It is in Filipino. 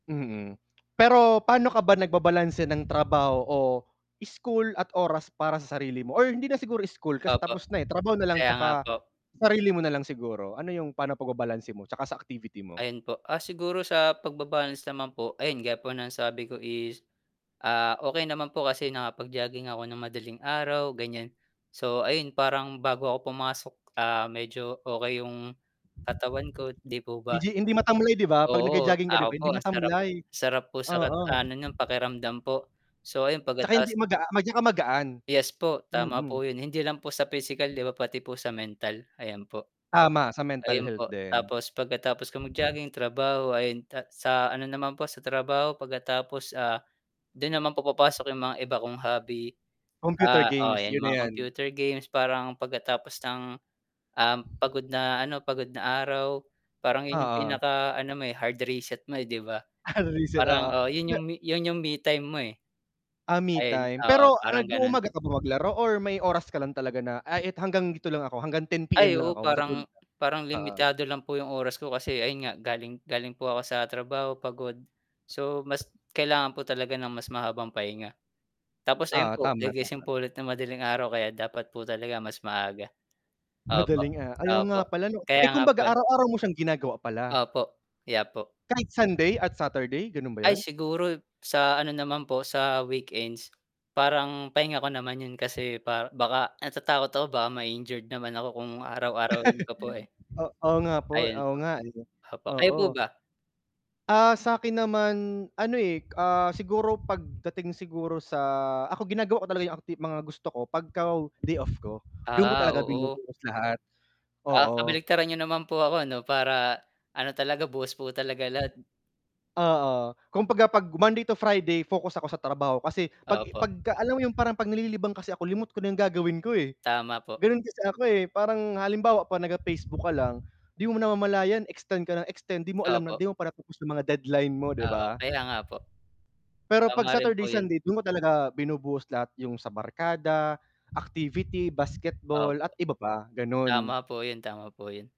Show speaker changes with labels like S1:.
S1: Mhm, pero pa'no ka ba nagbabalanse ng trabaho o school at oras para sa sarili mo, or hindi na siguro school kasi
S2: Opo,
S1: tapos na, eh, trabaho nalang
S2: kaya nga
S1: 'tsaka
S2: po.
S1: sarili mo nalang siguro, ano yung pa'no pagbabalanse mo? 'Tsaka sa activity mo?
S2: Ayun po, ah, siguro sa pagba-balance naman po, ayun gaya ang sabi ko is, ah, "okey naman po kasi nakapag-jogging ako ng madaling araw" gan'yan. So, ayun parang bago ako pumasok, ah, medyo, okey yung katawan ko, 'di po ba.
S1: Legi hindi matamlay, 'di ba? 'Pag
S2: Oo,
S1: nag-jo-jogging ka, 'di
S2: ako
S1: ba?
S2: po
S1: Hindi
S2: masarap,
S1: matamlay,
S2: sarap po sa kat
S1: oo.
S2: ano nung pakiramdam po, so,
S1: 'Tsaka hindi
S2: pagka-ta's
S1: mag ah, mag 'tsaka magaan,
S2: Yes po, tama po
S1: mhm.
S2: yun hindi lang po sa pisikal, 'di ba, pati po sa mental. Ayan po,
S1: Tama sa mental
S2: ayun
S1: health
S2: po,
S1: din.
S2: tapos pagkatapos ko mag-jogging trabaho ayon ta sa ano naman po sa trabaho pagkatapos, ah, do'n naman papapasok yong mga iba kong hobby.
S1: Computer
S2: Ah, oo
S1: games,
S2: 'yan
S1: 'yun na
S2: mga
S1: 'yan.
S2: computer games, parang pagkatapos ng um, pagod na ano, pagod na araw parang 'yon 'yong,
S1: Oo.
S2: pinakaano mo, eh, hard reset mo, eh, 'di ba?
S1: Ah, re-reset,
S2: Parang,
S1: oo.
S2: oo, yun 'yong, yun 'yong me-time mo, eh.
S1: Ah,
S2: Ayun,
S1: me-time
S2: oo,
S1: pero
S2: parang
S1: nag
S2: ganun.
S1: umaga ka ba maglaro? Or may oras ka lang talaga na, ay eto hanggang dito lang ako hanggang 10 PM
S2: Ay
S1: lang
S2: oo
S1: ako matutulog.
S2: parang, parang
S1: Oo.
S2: limitado lang po 'yong oras ko kasi ayun nga galing, galing po ako sa trabaho, pagod. So, mas kailangan po talaga ng mas mahabang pahinga tapos ayun
S1: Oo.
S2: po
S1: Tama,
S2: gigising
S1: tama.
S2: po ulit ng madaling araw, kaya dapat po talaga mas maaga, opo,
S1: Madaling a ay oo
S2: opo,
S1: nga pala, 'no. Eh,
S2: kaya nga po.
S1: kumbaga araw araw mo siyang ginagawa pala?
S2: Opo. Kaya po.
S1: Kahit Sunday at Saturday ganun ba
S2: Ay
S1: yun?
S2: siguro, sa ano naman po, sa weekends, parang pahinga ko naman yun kasi par baka natatakot ako baka ma-injured naman ako kung araw-arawin ko po, eh,
S1: O oo nga po,
S2: ayun
S1: oo
S2: po,
S1: nga, eh,
S2: opo, kayo
S1: oo.
S2: po ba?
S1: Ah, sa 'kin naman ano, eh, ah, siguro pagdating siguro sa ako ginagawa ko talaga yung aktib mga gusto ko 'pagka day off ko, dun ko
S2: Ah,
S1: talaga
S2: oo.
S1: binubuhos lahat,
S2: Ah,
S1: oo.
S2: kabaligtaran niyo naman po ako, 'no, para ano talaga buhos po talaga lahat.
S1: Oo, kung 'pagka 'pag Monday to Friday focus ako sa trabaho, kasi 'pag,
S2: Opo.
S1: 'pagka alam mo yung parang 'pag nalilibang kasi ako limot ko na yung gagawin ko, eh,
S2: Tama po.
S1: ganun kasi ako, eh, parang halimbawa 'pag, nag, ah, Facebook ka lang, 'di mo namamalayan extend ka ng extend, 'di mo alam na,
S2: Opo.
S1: 'di mo pa na pu-push ang mga deadline mo, 'di
S2: Oo,
S1: ba?
S2: kaya nga po.
S1: Pero 'pag
S2: Tama rin po
S1: Saturday,
S2: yun.
S1: Sunday dun ko talaga binubuhos lahat yung sa barkada, activity,
S2: Opo.
S1: basketball at iba pa, gano'n.
S2: Tama po yun, tama po yun.